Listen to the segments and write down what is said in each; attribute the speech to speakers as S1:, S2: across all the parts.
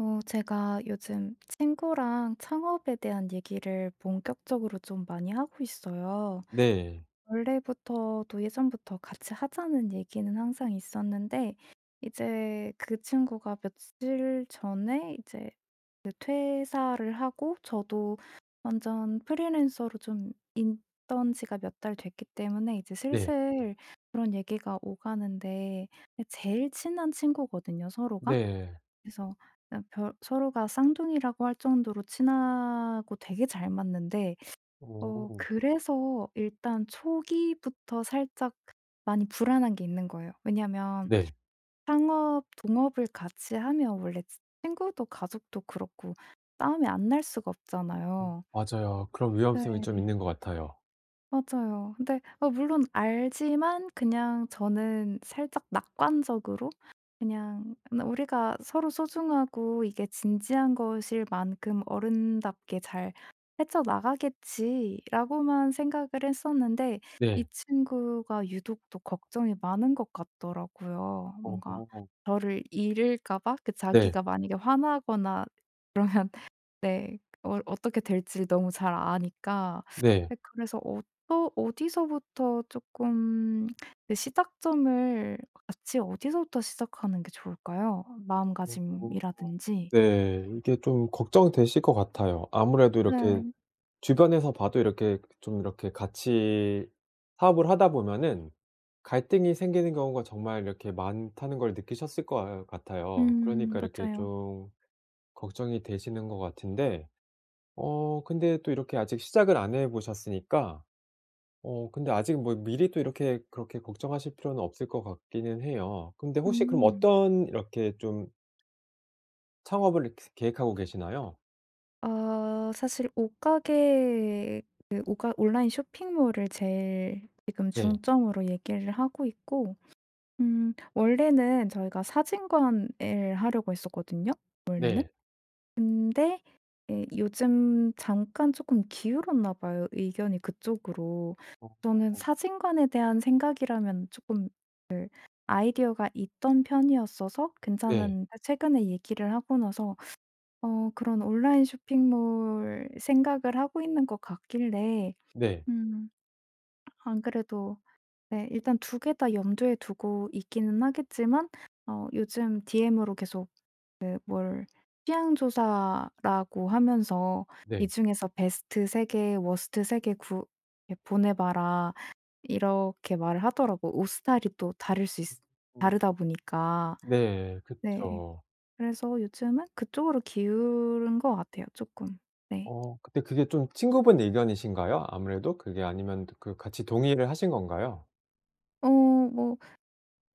S1: 어 제가 요즘 친구랑 창업에 대한 얘기를 본격적으로 좀 많이 하고 있어요.
S2: 네.
S1: 원래부터도 예전부터 같이 하자는 얘기는 항상 있었는데 이제 그 친구가 며칠 전에 이제 그 퇴사를 하고 저도 완전 프리랜서로 좀 있던 지가 몇 달 됐기 때문에 이제
S2: 네.
S1: 슬슬 그런 얘기가 오가는데 그 제일 친한 친구거든요 서로가.
S2: 네.
S1: 그래서 그냥 별 서로가 쌍둥이라고 할 정도로 친하고 되게 잘 맞는데 어
S2: 음.
S1: 그래서 일단 초기부터 살짝 그 많이 불안한 게 있는 거예요. 왜냐면
S2: 네.
S1: 창업 동업을 같이 하면 원래 친구도 가족도 그렇고 싸움이 안 날 수가
S2: 음
S1: 없잖아요.
S2: 맞아요. 그런 위험성이 좀
S1: 네.
S2: 있는 것 같아요.
S1: 맞아요. 근데 아 물론 알지만 그냥 저는 살짝 낙관적으로 '그냥 그냥 우리가 서로 소중하고 이게 진지한 것일 만큼 어른답게 잘 헤쳐 나가겠지.'라고만 생각을 했었는데 이
S2: 네.
S1: 친구가 유독 또 걱정이 많은 것 같더라고요 뭔가
S2: 어.
S1: 저를 잃을까 봐. 그
S2: 네.
S1: 자기가 만약에 화나거나 그러면 네 어 어떻게 될지를 너무 잘 아니까.
S2: 네.
S1: 예 그래서 어떠 어디서부터 쪼끔 그 시작점을 같이 어디서부터 시작하는 게 좋을까요
S2: 어
S1: 마음가짐이라든지?
S2: 네 이게 좀 걱정되실 것 같아요. 아무래도 이렇게
S1: 네.
S2: 주변에서 봐도 이렇게 좀 이렇게 같이 사업을 하다 보면은 갈등이 생기는 경우가 정말 이렇게 많다는 걸 느끼셨을 것 같아요.
S1: 음
S2: 그러니까 이렇게
S1: 맞아요.
S2: 좀 걱정이 되시는 것 같은데 어 근데 또 이렇게 시작을 안 해 보셨으니까 어 근데 아직 뭐 미리 또 이렇게 그렇게 걱정하실 필요는 없을 것 같기는 해요. 근데 혹시 그럼
S1: 음.
S2: 어떤 이렇게 좀 창업을 이렇게 계획하고 계시나요?
S1: 어 사실 옷가게 그 옷가 온라인 쇼핑몰을 제일 지금
S2: 네.
S1: 중점으로 얘기를 하고 있고 음 원래는 저희가 사진관을 하려고 했었거든요 원래는.
S2: 네.
S1: 근데 예 요즘 잠깐 쪼끔 기울었나 봐요, 의견이 그쪽으로. 저는
S2: 어.
S1: 사진관에 대한 생각이라면 쪼끔 그 아이디어가 있던 편이었어서
S2: 네.
S1: 괜찮았는데 최근에 얘기를 하고 나서 어 그런 온라인 쇼핑몰 생각을 하고 있는 것 같길래
S2: 네.
S1: 음 안 그래도 네 일단 2 개 다 염두에 두고 있기는 하겠지만 어 요즘 DM으로 계속 네 뭘 취향 조사라고 하면서 "이
S2: 네.
S1: 중에서 베스트 3 개 워스트 3 개 구 예 보내 봐라." 이렇게 말을 하더라고 옷 스타일이 또 다를 수
S2: 음
S1: 있으
S2: 음.
S1: 다르다 보니까.
S2: 네.
S1: 네.
S2: 그쵸.
S1: 그래서 요즘은 그쪽으로 기운 것 같아요 쪼끔. 네.
S2: 어 근데 그게 좀 친구분 의견이신가요, 아무래도? 그게 아니면 드 그 같이 동의를 하신 건가요?
S1: 어 뭐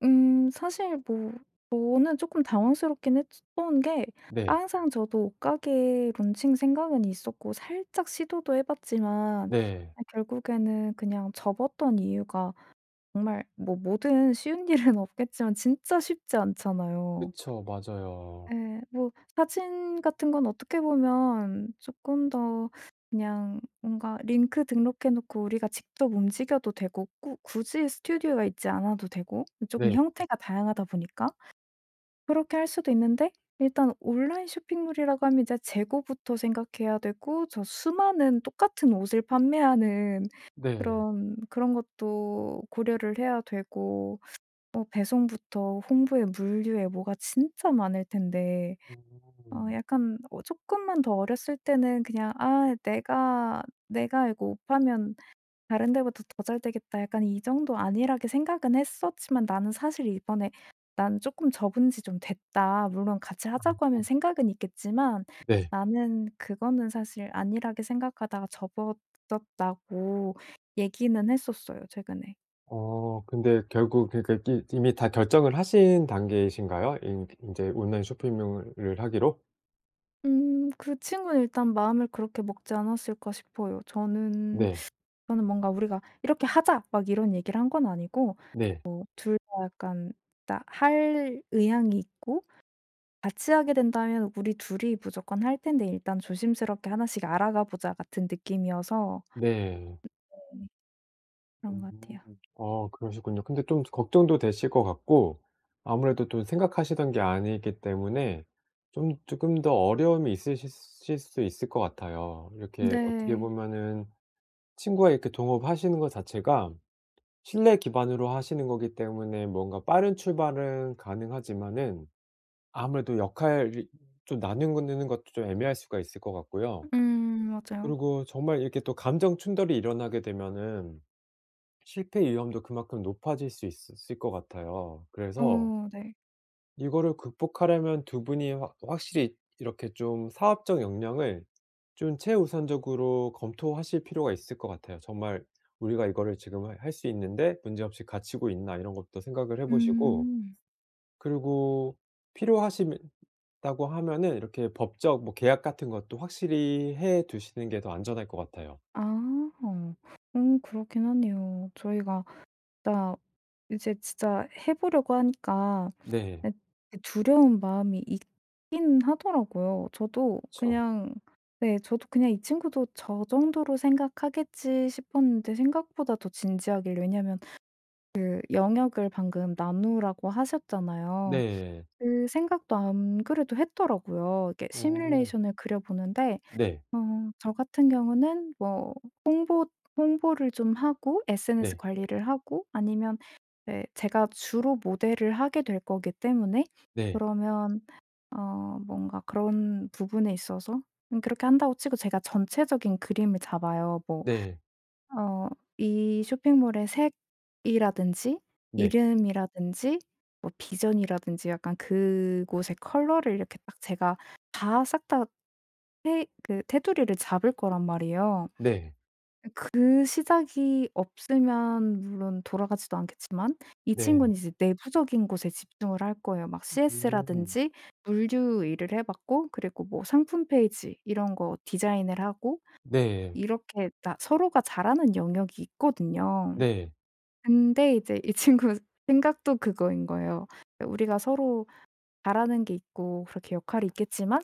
S1: 음 사실 뭐 저는 쪼끔 당황스럽긴 했으 던 게
S2: 네.
S1: 항상 저도 옷가게 론칭 생각은 있었고 살짝 시도도 해 봤지만
S2: 네.
S1: 아 결국에는 그냥 접었던 이유가 정말 뭐 뭐든 쉬운 일은 없겠지만 진짜 쉽지 않잖아요.
S2: 그쵸. 맞아요.
S1: 예. 뭐 사진 같은 건 어떻게 보면 쪼끔 더 그냥 뭔가 링크 등록해 놓고 우리가 직접 움직여도 되고 꾸 굳이 스튜디오가 있지 않아도 되고 그 쪼금
S2: 네.
S1: 형태가 다양하다 보니까 그렇게 할 수도 있는데 일단 온라인 쇼핑몰이라고 하면 이제 재고부터 생각해야 되고 저 수많은 똑같은 옷을 판매하는
S2: 네.
S1: 그런 그런 것도 고려를 해야 되고 뭐 배송부터 홍보에 물류에 뭐가 진짜 많을 텐데 어
S2: 음.
S1: 약간 어 쪼끔만 더 어렸을 때는 그냥 '아 내가 내가 이거 옷 팔면 다른 데보다 더 잘되겠다.' 약간 이 정도 안일하게 생각은 했었지만 나는 사실 이번에 "난 쪼끔 접은 지 좀 됐다. 물론 같이 하자고 하면
S2: [unintelligible]
S1: 생각은 있겠지만
S2: 네.
S1: 나는 그거는 사실 안일하게 생각하다가 접었었다."고 얘기는 했었어요, 최근에.
S2: 어 근데 결국 그러니까 이게 이미 다 결정을 하신 단계이신가요 인 인제 온라인 쇼핑몰을 하기로?
S1: 음 그 친구는 일단 '마음을 그렇게 먹지 않았을까?' 싶어요. 저는
S2: 네.
S1: 저는 뭔가 우리가 "이렇게 하자." 막 이런 얘기를 한 건 아니고
S2: 네.
S1: 뭐 둘 다 약간 다 할 의향이 있고 같이 하게 된다면 우리 둘이 무조건 할 텐데 일단 조심스럽게 '하나씩 알아가 보자.' 같은 느낌이어서
S2: 네.
S1: 네. 그런
S2: 음.
S1: 것 같아요.
S2: 아 그러시군요. 근데 좀 걱정도 되실 것 같고 아무래도 또 생각하시던 게 아니기 때문에 좀 쪼끔 더 어려움이 있으실 실 수 있을 것 같아요. 이렇게 어떻게
S1: 네.
S2: 보면은 친구와 이렇게 동업하시는 것 자체가 신뢰 기반으로 하시는 거기 때문에 뭔가 빠른 출발은 가능하지만은 아무래도 역할을 좀 나누는 는 것도 좀 애매할 수가 있을 것 같고요.
S1: 음 맞아요.
S2: 그리고 정말 이렇게 또 감정 충돌이 일어나게 되면은 실패 위험도 그만큼 높아질 수 있으 을 것 같아요. 그래서
S1: 어 네.
S2: 이거를 극복하려면 2 분이 확 확실히 이렇게 좀 사업적 역량을 좀 최우선적으로 검토하실 필요가 있을 것 같아요. '정말 우리가 이거를 지금 하 할 수 있는데 문제없이 갖추고 있나?' 이런 것도 생각을 해 보시고
S1: 음.
S2: 그리고 필요하시면 다고 하면은 이렇게 법적 뭐 계약 같은 것도 확실히 해 두시는 게 더 안전할 것 같아요.
S1: 아. 음 그렇긴 하네요. 저희가 딱 이제 진짜 해 보려고 하니까
S2: 네.
S1: 네 그 두려운 마음이 있긴 하더라고요. 저도
S2: 그쵸.
S1: 그냥 네 저도 그냥 '이 친구도 저 정도로 생각하겠지.' 싶었는데 생각보다 더 진지하길래 왜냐면 그 영역을 방금 나누라고 하셨잖아요.
S2: 네.
S1: 그 생각도 안 그래도 했더라고요. 이렇게
S2: 어.
S1: 시뮬레이션을 그려 보는데
S2: 네.
S1: 좀 저 같은 경우는 뭐 홍보 홍보를 좀 하고 SNS
S2: 네.
S1: 관리를 하고 아니면 예 제가 주로 모델을 하게 될 거기 때문에
S2: 네.
S1: 그러면 어 뭔가 그런 부분에 있어서 응 그렇게 한다고 치고 제가 전체적인 그림을 잡아요. 뭐
S2: 네.
S1: 어 이 쇼핑몰의 색이라든지
S2: 네.
S1: 이름이라든지 뭐 비전이라든지 약간 그곳의 컬러를 이렇게 딱 제가 다 싹 다 테 그 테두리를 잡을 거란 말이에요.
S2: 네.
S1: 이 그 시작이 없으면 물론 돌아가지도 않겠지만 이
S2: 네.
S1: 친구는 이제 내부적인 곳에 집중을 할 거예요. 막
S2: 으 음.
S1: CS라든지 물류 일을 해 봤고 그리고 뭐 상품 페이지 이런 거 디자인을 하고
S2: 네.
S1: 이렇게 나 서로가 잘하는 영역이 있거든요.
S2: 네.
S1: 근데 이제 이 친구 생각도 그거인 거예요. 예 우리가 서로 잘하는 게 있고 그렇게 역할이 있겠지만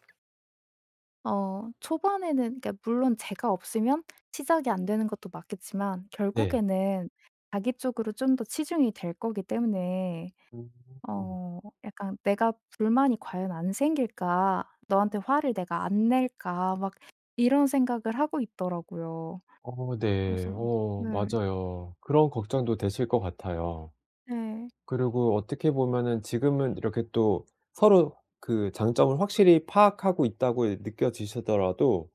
S1: 어 초반에는 그러니까 물론 제가 없으면 시작이 안 되는 것도 맞겠지만
S2: 네.
S1: 결국에는 자기 쪽으로 좀 더 치중이 될 거기 때문에
S2: 음.
S1: 어 '약간 내가 불만이 과연 안 생길까? 너한테 화를 내가 안 낼까?' 막 이런 생각을 하고 있더라고요.
S2: 어 네.
S1: 그래서
S2: 어
S1: 네.
S2: 맞아요. 그런 걱정도 되실 것 같아요.
S1: 네.
S2: 그리고 어떻게 보면은 지금은 이렇게 또 서로 그 장점을 확실히 파악하고 있다고 이 느껴지시더라도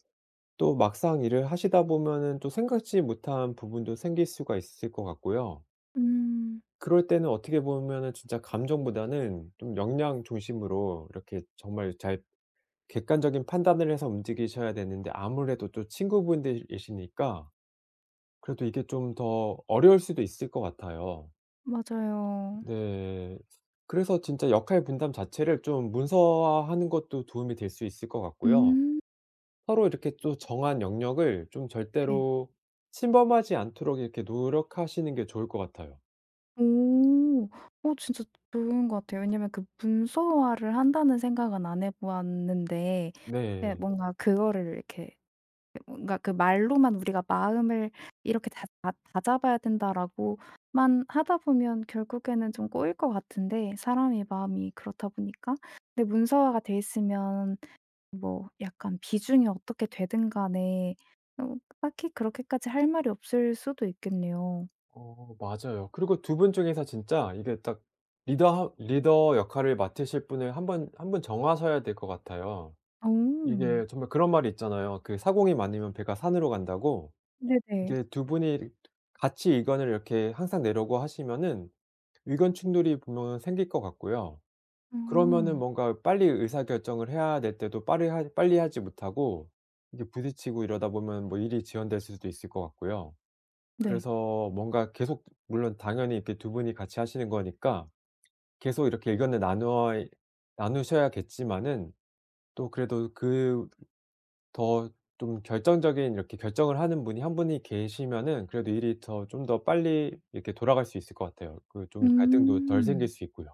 S2: 또 막상 일을 하시다 보면은 또 생각지 못한 부분도 생길 수가 있을 것 같고요.
S1: 음.
S2: 그럴 때는 어떻게 보면은 진짜 감정보다는 좀 역량 중심으로 이렇게 정말 잘 객관적인 판단을 해서 움직이셔야 되는데 아무래도 또 친구분들이시니까 그래도 이게 좀 더 어려울 수도 있을 것 같아요.
S1: 맞아요.
S2: 네. 그래서 진짜 역할 분담 자체를 좀 문서화하는 것도 도움이 될 수 있을 것 같고요.
S1: 음.
S2: 서로 이렇게 또 정한 영역을 좀
S1: 예.
S2: 절대로 침범하지 않도록 이렇게 노력하시는 게 좋을 것 같아요.
S1: 오. 어 진짜 좋은 것 같아요. 왜냐하면 그 '문서화를 한다.'는 생각은 안 해 보았는데 예
S2: 네.
S1: 뭔가 그거를 이렇게 뭔가 그 말로만 '우리가 마음을 이렇게 다잡 다잡아야 된다.'라고만 하다 보면 결국에는 좀 꼬일 것 같은데 사람의 마음이 그렇다 보니까. 근데 문서화가 돼 있으면 뭐 약간 비중이 어떻게 되든 간에 좀 딱히 그렇게까지 할 말이 없을 수도 있겠네요.
S2: 어 맞아요. 그리고 2 분 중에서 진짜 이게 딱 리더 하 리더 역할을 맡으실 분을 한번 1 분 정하셔야 될 것 같아요.
S1: 오.
S2: 이게 정말 그런 말이 있잖아요, 그 사공이 많으면 배가 산으로 간다고.
S1: 네네.
S2: 이게 2 분이 같이 의견을 이렇게 항상 내려고 하시면은 의견 충돌이 분명 생길 것 같고요. 그러면은
S1: 어.
S2: 뭔가 빨리 의사 결정을 해야 될 때도 빠리할 빨리 하지 못하고 이게 부딪히고 이러다 보면 뭐 일이 지연될 수도 있을 것 같고요.
S1: 네.
S2: 그래서 뭔가 계속 물론 당연히 이렇게 2 분이 같이 하시는 거니까 계속 이렇게 의견을 나누어 이 나누셔야 겠지만은 또 그래도 그 더 좀 결정적인 이렇게 결정을 하는 분이 1 분이 계시면은 그래도 일이 더 좀 더 빨리 이렇게 돌아갈 수 있을 것 같아요. 그 좀 갈등도 덜 생길
S1: 음.
S2: 수 있고요.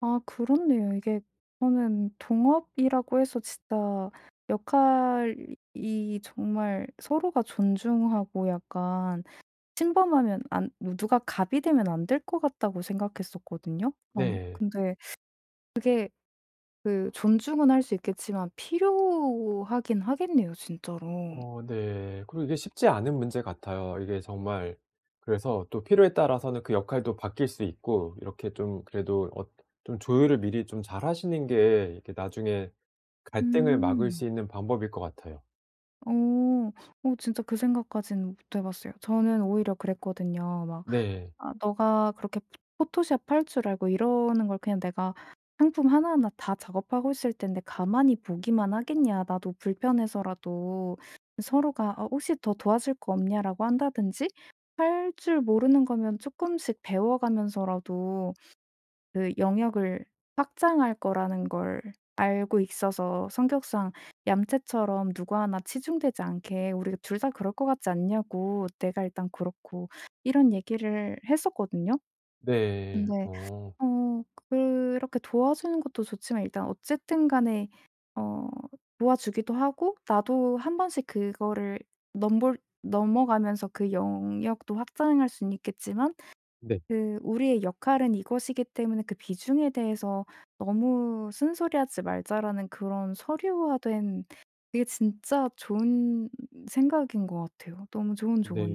S1: 아 그렇네요. 이게 저는 동업이라고 해서 진짜 역할이 정말 서로가 존중하고 약간 침범하면 안 누 누가 갑이 되면 안 될 것 같다고 생각했었거든요. 그런
S2: 네.
S1: 근데 그게 그 존중은 할 수 있겠지만 필요하긴 하겠네요, 진짜로.
S2: 어 네. 그리고 이게 쉽지 않은 문제 같아요. 이게 정말 그래서 또 필요에 따라서는 그 역할도 바뀔 수 있고 이렇게 좀 그래도 어 좀 조율을 미리 좀 잘하시는 게 이렇게 나중에 갈등을 막을
S1: 음.
S2: 수 있는 방법일 것 같아요.
S1: 어. 어 진짜 그 생각까지는 못 해 봤어요. 저는 오히려 그랬거든요. 막
S2: 네.
S1: "아 너가 그렇게 포 포토샵 할 줄 알고 이러는 걸 그냥 내가 상품 하나하나 다 작업하고 있을 텐데 가만히 보기만 하겠냐? 나도 불편해서라도 서로가 '어 혹시 더 도와줄 거 없냐?'라고 한다든지 할 줄 모르는 거면 쪼끔씩 배워 가면서라도 그 영역을 확장할 거라는 걸 알고 있어서 성격상 얌체처럼 누구 하나 치중되지 않게 우리가 둘 다 그럴 거 같지 않냐?"고 "내가 일단 그렇고." 이런 얘기를 했었거든요.
S2: 네.
S1: 근데
S2: 어.
S1: 어 그렇게 도와주는 것도 좋지만 일단 어쨌든 간에 어 도와주기도 하고 나도 한번씩 그거를 넘볼 넘어가면서 그 영역도 확장할 순 있겠지만
S2: 네.
S1: 그 '우리의 역할은 이것이기 때문에 그 비중에 대해서 너무 쓴소리 하지 말자.'라는 그런 서류화된 그게 진짜 좋은 생각인 것 같아요. 너무 좋은
S2: 네.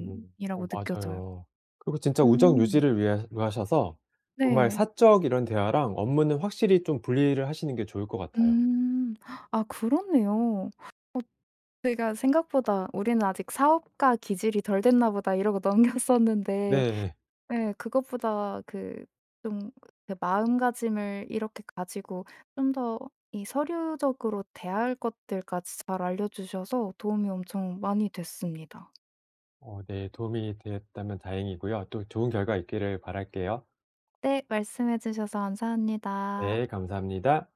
S2: 어
S1: 느껴져요.
S2: 맞아요. 그리고 진짜 우정
S1: 음.
S2: 유지를 위하 위하셔서 정말
S1: 네.
S2: 사적 이런 대화랑 업무는 확실히 좀 분리를 하시는 게 좋을 것 같아요.
S1: 음. 아 그렇네요. 어 내가 '생각보다 우리는 아직 사업가 기질이 덜 됐나 보다.' 이러고 넘겼었는데
S2: 네.
S1: 예 그것보다 그 좀 그 마음가짐을 이렇게 가지고 좀 더 이 서류적으로 대할 것들까지 잘 알려 주셔서 도움이 엄청 많이 됐습니다.
S2: 어 네 도움이 되었다면 다행이고요 또 좋은 결과 있기를 바랄게요.
S1: 네. 말씀해 주셔서 감사합니다.
S2: 네 감사합니다.